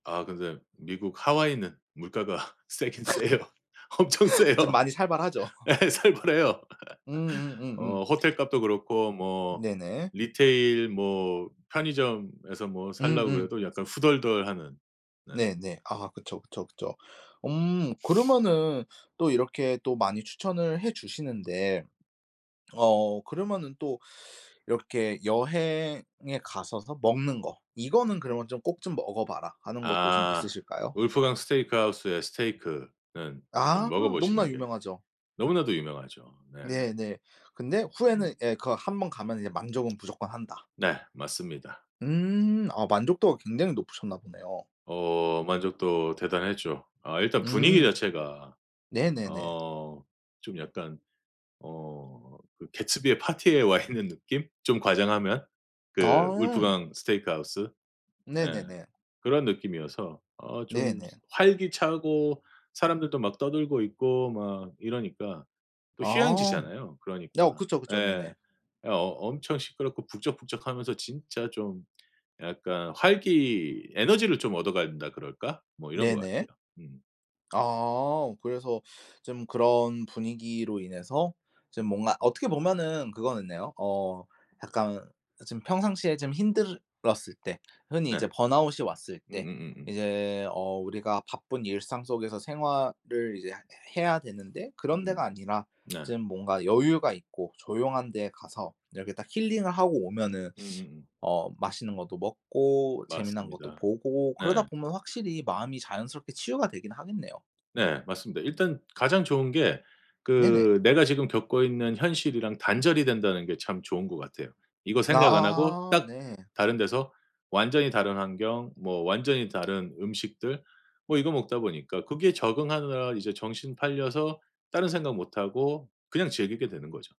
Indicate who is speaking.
Speaker 1: 아 근데 미국 하와이는 물가가 세긴 세요. 엄청 세요.
Speaker 2: 좀 많이 살벌하죠.
Speaker 1: 네, 살벌해요.
Speaker 2: 음음음음.
Speaker 1: 어 호텔값도 그렇고 뭐
Speaker 2: 네네.
Speaker 1: 리테일 뭐 편의점에서 뭐 사려고
Speaker 2: 음음.
Speaker 1: 그래도 약간 후덜덜하는. 네.
Speaker 2: 네네 아 그쵸, 그쵸, 그쵸. 음 그러면은 또 이렇게 또 많이 추천을 해 주시는데 어 그러면은 또 이렇게 여행에 가셔서 먹는 거 이거는 그러면 좀 꼭 좀 먹어봐라 하는 것도 좀
Speaker 1: 아
Speaker 2: 있으실까요?
Speaker 1: 울프강 스테이크 하우스의 스테이크는 좀
Speaker 2: 아
Speaker 1: 먹어
Speaker 2: 너무나
Speaker 1: 보시는 게
Speaker 2: 유명하죠.
Speaker 1: 너무나도 유명하죠. 네.
Speaker 2: 네네 근데 후에는
Speaker 1: 음.
Speaker 2: 예 그 1 번 가면은 이제 만족은 무조건 한다.
Speaker 1: 네, 맞습니다.
Speaker 2: 음, 아 만족도가 굉장히 높으셨나 보네요.
Speaker 1: 어 만족도 대단했죠. 아 일단 분위기
Speaker 2: 음,
Speaker 1: 자체가
Speaker 2: 네네네.
Speaker 1: 어 좀 약간 어 그 개츠비의 파티에 와 있는 느낌? 좀 과장하면 그
Speaker 2: 아.
Speaker 1: 울프강 스테이크 하우스? 예.
Speaker 2: 네네네.
Speaker 1: 그런 느낌이어서 어 좀
Speaker 2: 네네.
Speaker 1: 활기차고 사람들도 막 떠들고 있고 막 이러니까. 또
Speaker 2: 아
Speaker 1: 휴양지잖아요.
Speaker 2: 어
Speaker 1: 그러니까
Speaker 2: 그쵸, 그쵸.
Speaker 1: 예.
Speaker 2: 네네.
Speaker 1: 어 엄청 시끄럽고 북적북적하면서 진짜 좀 약간 활기 에너지를 좀 얻어가야 된다 그럴까? 뭐 이런 것 같아요.
Speaker 2: 네네.
Speaker 1: 음.
Speaker 2: 아, 그래서 좀 그런 분위기로 인해서 좀 뭔가 어떻게 보면은 그거였네요. 어 약간 지금 평상시에 좀 힘들었을 때 흔히
Speaker 1: 네
Speaker 2: 이제 번아웃이 왔을 때
Speaker 1: 음음음음.
Speaker 2: 이제 어 우리가 바쁜 일상 속에서 생활을 이제 해 해야 되는데 그런 데가
Speaker 1: 음
Speaker 2: 아니라
Speaker 1: 네.
Speaker 2: 좀 뭔가 여유가 있고 조용한 데 가서 이렇게 딱 힐링을 하고 오면은
Speaker 1: 음음음.
Speaker 2: 어 맛있는 것도 먹고, 재미난 것도
Speaker 1: 맞습니다.
Speaker 2: 보고 그러다
Speaker 1: 네.
Speaker 2: 보면 확실히 마음이 자연스럽게 치유가 되긴 하겠네요.
Speaker 1: 네 맞습니다. 일단 가장 좋은 게
Speaker 2: 네네.
Speaker 1: 그 내가 지금 겪고 있는 현실이랑 단절이 된다는 게 참 좋은 것 같아요. 이거 생각 안 하고
Speaker 2: 아
Speaker 1: 딱
Speaker 2: 네.
Speaker 1: 다른 데서 완전히 다른 환경 뭐 완전히 다른 음식들 뭐 이거 먹다 보니까 거기에 적응하느라 이제 정신 팔려서 다른 생각 못하고 그냥 즐기게 되는 거죠.